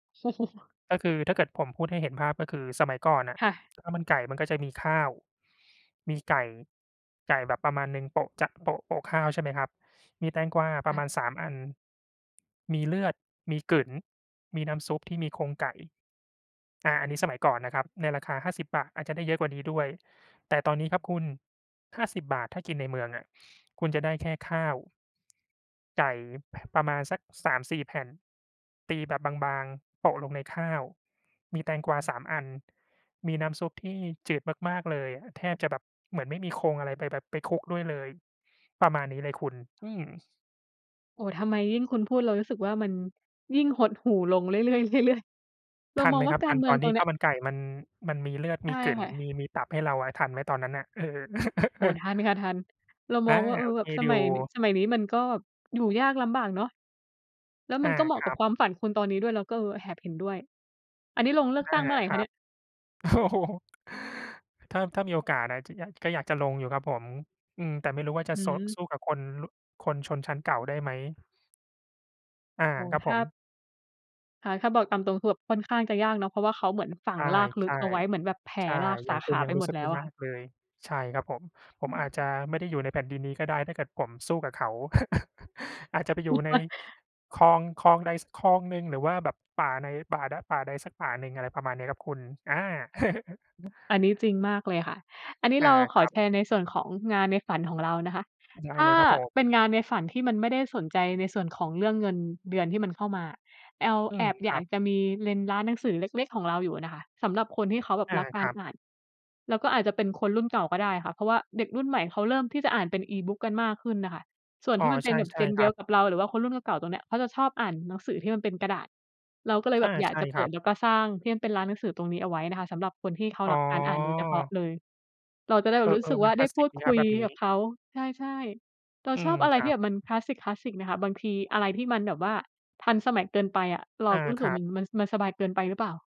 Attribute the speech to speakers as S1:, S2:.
S1: ก็คือถ้าเกิดผมพูดให้เห็นภาพ ก็คือสมัยก่อนอะ
S2: ค่ะ
S1: ข้าวมันไก่มันก็จะมีข้าว มีไก่ ไก่แบบประมาณหนึ่งโปะ จะโปะ โปะข้าว ใช่ไหมครับ มีแตงกวาป
S2: ค
S1: ร
S2: ่
S1: ะม
S2: ะ
S1: าณ 3 อัน มีเลือด มีกึ๋น มีน้ำซุปที่มีโครงไก่ อา อันนี้สมัยก่อนนะครับ ในราคา ฿50 อาจจะได้เยอะกว่านี้ด้วย แต่ตอนนี้ครับคุณ ฿50 ถ้ากินในเมืองอะ คุณจะได้แค่ข้าว ไก่ ป ประมาณสัก 3-4 แผ่น ตีแบบบาง ๆ โปะลงในข้าว มีแตงกวา 3 อัน มีน้ำซุปที่จืดมาก ๆ เลยอะ แทบจะแบบเหมือนไม่มีโครงอะไรไปแบบ ไปคลุกด้วยเลย ประมาณนี้เลยคุณ อือ
S2: โอ้ ทำไมยิ่งคุณพูดเรารู้สึกว่า มันยิ่งหดหู่ลงเรื่อย ๆ เรื่อย ๆ เร
S1: ท
S2: า
S1: ัน
S2: ม
S1: ไ
S2: อง
S1: หม
S2: ว
S1: ค
S2: ่า
S1: รับ?
S2: กา
S1: ทั
S2: ร
S1: น
S2: เมื
S1: ต
S2: อ
S1: อ
S2: ง
S1: น
S2: ต
S1: ที
S2: ร
S1: ่
S2: งเนี
S1: ข้
S2: ้
S1: า
S2: ย
S1: วมันไก่มัน มันมีเลือด
S2: ใ
S1: ม
S2: ช
S1: ี
S2: ่
S1: กึ๋น
S2: ค่ะ
S1: มี มีตับให้เราอะ ทันไหมตอนนั้นน่ะ? เออ
S2: โอ้ ทันค่ะ ทัน เรา
S1: อ
S2: ม
S1: า
S2: องว่า เอ
S1: โอ
S2: อ แ
S1: เ
S2: บ
S1: ค
S2: บส
S1: อย
S2: ม
S1: ู
S2: ั
S1: ่
S2: ยนิ สมัยนี้มันก็แบบอยู่ยากลำบากเนาะ แล้ว
S1: อ
S2: มั
S1: า
S2: นก็เหมา
S1: ค
S2: ะ
S1: ร
S2: กั
S1: ั
S2: บ
S1: บ
S2: ความฝันคุณตอนนี้ด้วย เราก็ เออ แอบเห็นด้วย อันนี้ลงเลือก
S1: อา
S2: ตั้งเมื่อไร
S1: ค
S2: ค
S1: รั
S2: ะเนี
S1: บ
S2: ่ย?
S1: โอ้ ถ้า ถ้ามีโอกาสอะ จะอยาก ก็อยากจะลงอยู่ครับผม อืม แต่ไม่รู้ว่าจะ
S2: อื
S1: สด
S2: ม
S1: สู้กับคน ล คนชนชั้นเก่าได้ไหม? อา
S2: โอ้โฮ
S1: ครับ
S2: ถ
S1: ผ
S2: ้า
S1: ม
S2: ค่ะ ถ้าบอกตามตรงคือแบบค่อนข้างจะยากเนาะ เพราะว่าเขาเหมือนฝั
S1: ใช
S2: ง
S1: ่
S2: รากล
S1: ใ
S2: ึ
S1: ช
S2: ก
S1: ่
S2: เอาไว้ เหมือนแบบแผ
S1: ใช
S2: ่
S1: ่
S2: ราก
S1: อย
S2: ส
S1: ่
S2: า
S1: าง
S2: ข
S1: คุณ
S2: า
S1: ยั
S2: ไป
S1: งรู
S2: ห
S1: ้
S2: ม
S1: ส
S2: ด
S1: ึก
S2: แล
S1: ว่
S2: ้ว
S1: า
S2: อ
S1: ย
S2: ะ
S1: า
S2: ค่ะ
S1: กเลย ใช่ครับผม ผ
S2: อื
S1: มอาจจ
S2: ม
S1: ะไม่ได้อยู่ในแผ่นดินนี้ก็ได้ถ้าเกิดผมสู้กับเขา อาจจะไปอยู่ในคลอง คลองใดสักคลองหนึ่ง หรือว่าแบบป่าใน ป่า ป่าใดสักป่าหนึ่ง อะไรประมาณนี้ ครับคุณ อา
S2: อันนี้จริงมากเลยค่ะ อันนี้
S1: อ
S2: เ
S1: า
S2: ราข
S1: ค
S2: อ
S1: รับ
S2: แชร์ในส่วนของงานในฝันของเรานะคะ
S1: ได้
S2: ถ
S1: เ
S2: ้า
S1: ลยครับผม
S2: เป็นงานในฝันที่มันไม่ได้สนใจในส่วนของเรื่องเงินเดือนที่มันเข้ามาอะ แอล
S1: อื
S2: แอ
S1: ม
S2: บ
S1: ค
S2: อย
S1: ร
S2: า
S1: ั
S2: ก
S1: บ
S2: จะมีเลนส์ร้านหนังสือเล็ก ๆ ของเราอยู่อะนะคะ สำหรับคนที่เขาแบบ
S1: อา
S2: รักก
S1: ค
S2: า
S1: ร
S2: ร
S1: ับ
S2: อ่าน แล้วก็อาจจะเป็นคนรุ่นเก่าก็ได้ค่ะ เพราะว่าเด็กรุ่นใหม่เขาเริ่มที่จะอ่านเป็น Ebook กันมากขึ้นน่ะค่ะ ส่วน
S1: อ
S2: ท
S1: ๋อ
S2: ี่มันเป
S1: ใ
S2: ็นแบบ
S1: ช่
S2: Gen
S1: ๆ ค
S2: เดี
S1: ร
S2: ย
S1: ั
S2: ว
S1: บ
S2: กับเรา หรือว่าคนรุ่นเก่า ๆ ตรงเนี้ย เขาจะชอบอ่านหนังสือที่มันเป็นกระดาษ เราก็เลย
S1: อ
S2: แบ
S1: า
S2: บอยา
S1: ใ
S2: ก
S1: ช่
S2: จะเ
S1: ค
S2: ป
S1: รั
S2: ิด
S1: บ
S2: แล้วก็สร้างที่เป็นร้านหนังสือตรงนี้เอาไว้นะคะ สำหรับคนที่เขา
S1: อ๋
S2: รักการอ่านโดยเฉพาะ
S1: อ
S2: เลย เราจะได้แบ
S1: เอ
S2: บรู้ส
S1: อ
S2: ึก
S1: ๆ
S2: ว
S1: มั
S2: ่า
S1: นค
S2: ไ
S1: ล
S2: ด้
S1: าสส
S2: พ
S1: ิ
S2: ู
S1: ก
S2: ด
S1: ดีค
S2: ค
S1: ร
S2: ุ
S1: ับแ
S2: ย
S1: บบนี
S2: กับ
S1: ้
S2: เขา ใช่ ๆ เรา
S1: อื
S2: ชอ
S1: ม
S2: บอะไ
S1: ค
S2: ร
S1: ร
S2: ท
S1: ั
S2: ี่แ
S1: บ
S2: บบมันคลาสสิก ๆ น่ะค่ะ บางทีอะไรที่มันแบบว่าทันสมัยเกินไปอะ เร
S1: อ
S2: า
S1: า
S2: ก็รู้ส
S1: ค
S2: ึก
S1: ร
S2: ว่
S1: ั
S2: าม
S1: บ
S2: ัน มันสบายเกินไปหรือเปล่า?